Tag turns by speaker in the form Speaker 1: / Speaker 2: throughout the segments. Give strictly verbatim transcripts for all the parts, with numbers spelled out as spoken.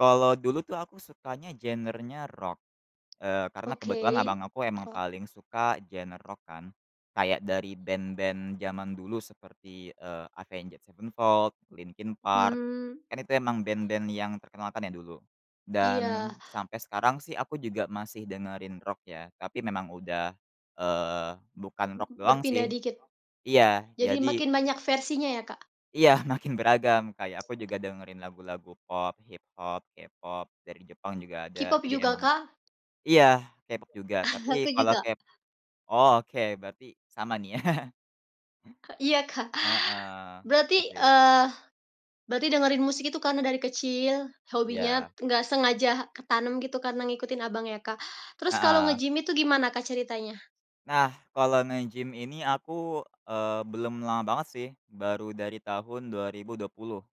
Speaker 1: Kalau dulu tuh, aku sukanya genernya rock, eee, karena kebetulan
Speaker 2: Oke,
Speaker 1: abang aku emang
Speaker 2: rock.
Speaker 1: paling suka genre rock kan, kayak dari band-band zaman dulu seperti, eee, Avenged Sevenfold, Linkin Park.
Speaker 2: Hmm.
Speaker 1: Kan, itu emang band-band yang terkenal, kan, ya, dulu.
Speaker 2: Iya.
Speaker 1: Dan sampai sekarang sih aku juga masih dengerin rock ya, tapi memang udah, eee, bukan
Speaker 2: M m
Speaker 1: rock doang,
Speaker 2: berpindah
Speaker 1: sih.
Speaker 2: dikit.
Speaker 1: Iya,
Speaker 2: Jadi
Speaker 1: jadi
Speaker 2: makin banyak versinya, ya, Kak?
Speaker 1: Iya, makin beragam, kayak aku juga dengerin lagu-lagu pop, hip hop, K-pop, dari Jepang juga ada,
Speaker 2: K-pop
Speaker 1: jadi
Speaker 2: juga,
Speaker 1: emang
Speaker 2: Kak?
Speaker 1: iya K-pop juga tapi
Speaker 2: Aku
Speaker 1: kalau
Speaker 2: juga.
Speaker 1: kep oh oke, berarti sama, nih, ya.
Speaker 2: E iya, Kak.
Speaker 1: Heeh. Itu,
Speaker 2: Berarti
Speaker 1: sih.
Speaker 2: eee, berarti dengerin musik itu karena dari kecil, hobinya
Speaker 1: Iya.
Speaker 2: nggak sengaja ketanam gitu karena ngikutin abang, ya, Kak. Terus kalau
Speaker 1: Heeh.
Speaker 2: nge-gym itu gimana Kak, ceritanya?
Speaker 1: Nah, kalau nge-gym ini aku, eee, belum lama banget, sih, baru dari tahun dua ribu dua puluh.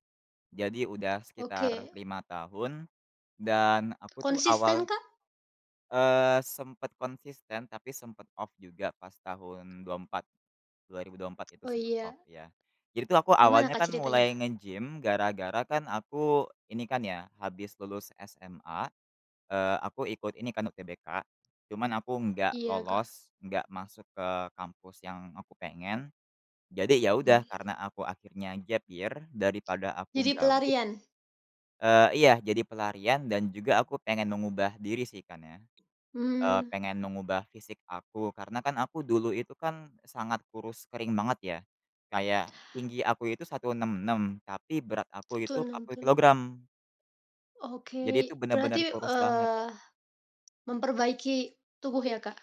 Speaker 1: Jadi udah sekitar
Speaker 2: Oke.
Speaker 1: lima tahun, dan aku, tuh,
Speaker 2: Konsisten,
Speaker 1: awal
Speaker 2: Kak?
Speaker 1: Eee, sempet konsisten tapi sempet off juga pas tahun dua empat, dua ribu dua empat itu
Speaker 2: Oh
Speaker 1: sempet off,
Speaker 2: iya.
Speaker 1: ya. Jadi, tuh, aku
Speaker 2: Gimana
Speaker 1: awalnya
Speaker 2: Kak
Speaker 1: kan
Speaker 2: ceritanya?
Speaker 1: mulai nge-gym gara-gara kan aku ini kan, ya, habis lulus SMA, eee, aku ikut ini, kan, UTBK. Cuman aku nggak
Speaker 2: Iya, Kak.
Speaker 1: lolos, nggak masuk ke kampus yang aku pengen, jadi, ya, udah
Speaker 2: Mmm.
Speaker 1: karena aku akhirnya gap year daripada aku
Speaker 2: Jadi
Speaker 1: gabut
Speaker 2: pelarian.
Speaker 1: Eee, iya. Jadi pelarian dan juga aku pengen mengubah diri, sih, kan, ya. Eee,
Speaker 2: Mmm.
Speaker 1: pengen mengubah fisik aku karena kan, aku dulu itu kan sangat kurus kering banget, ya. Kayak tinggi aku itu satu enam enam, tapi berat aku
Speaker 2: seratus
Speaker 1: itu empat
Speaker 2: enam
Speaker 1: puluh
Speaker 2: puluh enam.
Speaker 1: kilogram. Jadi itu
Speaker 2: Oke.
Speaker 1: benar-benar
Speaker 2: Berarti,
Speaker 1: kurus banget.
Speaker 2: eee, memperbaiki tubuh, ya, Kak?